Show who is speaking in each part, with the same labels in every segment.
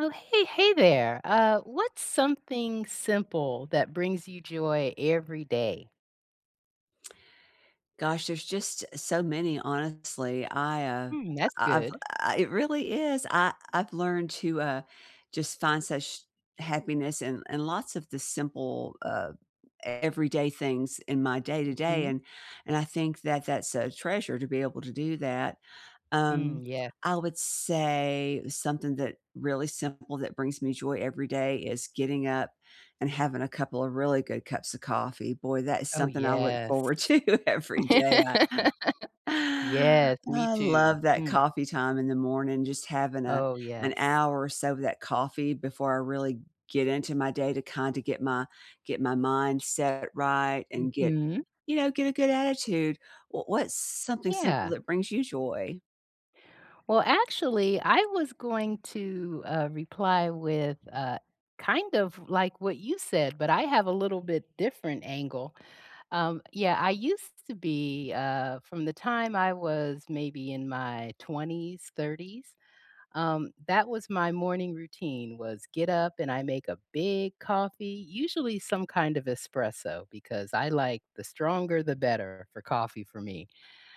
Speaker 1: Oh, hey, hey there! Uh, what's something simple that brings you joy every day?
Speaker 2: Gosh, there's just so many, honestly. I, uh,
Speaker 1: Mm, that's
Speaker 2: I I've
Speaker 1: good.
Speaker 2: uh, it really is. I I've learned to, uh, just find such happiness in in lots of the simple, um, everyday things in my day-to-day,
Speaker 1: Mhm.
Speaker 2: and and I think that that's a treasure to be able to do that.
Speaker 1: Mm,
Speaker 2: Um,
Speaker 1: yes.
Speaker 2: I would say something that really simple that brings me joy every day, is getting up and having a couple of really good cups of coffee. Boy, that is
Speaker 1: Oh,
Speaker 2: something I look
Speaker 1: yes.
Speaker 2: forward to every day. I
Speaker 1: Yes, me
Speaker 2: I
Speaker 1: too.
Speaker 2: love that
Speaker 1: Mm.
Speaker 2: coffee time in the morning, just having a
Speaker 1: Oh,
Speaker 2: an
Speaker 1: yes.
Speaker 2: hour or so of that coffee before I really get into my day, to kinda get my get my mind set right and get,
Speaker 1: Mhm.
Speaker 2: you know, get a good attitude. W what's something simple
Speaker 1: Yeah.
Speaker 2: that brings you joy?
Speaker 1: Well, actually, I was going to, uh, reply with, uh, kind of like what you said, but I have a little bit different angle. Um, yeah, I used to be, uh, from the time I was, maybe, in my 20s, 30s, um, that was my morning routine, was get up and I make a big coffee, usually some kind of espresso, because I like the stronger the better for coffee for me.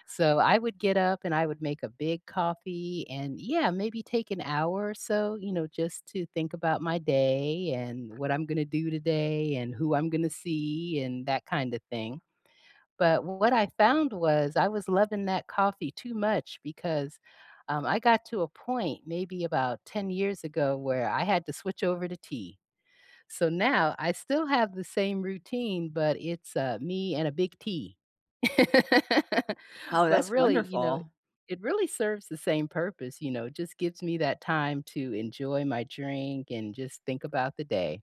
Speaker 1: So I would get up, and I would make a big coffee and yeah, maybe take an hour or so, you know, just to think about my day, and what I'm gonna do today, and who I'm gonna see, and that kind of thing. But what I found was, I was loving that coffee too much, because, um, I got to a point, maybe about ten years ago, where I had to switch over to tea. So now I still have the same routine, but it's, uh, me and a big tea.
Speaker 2: Oh,
Speaker 1: But
Speaker 2: that's
Speaker 1: really, you know,
Speaker 2: wonderful.
Speaker 1: it really serves the same purpose, you know, just gives me that time to enjoy my drink and just think about the day.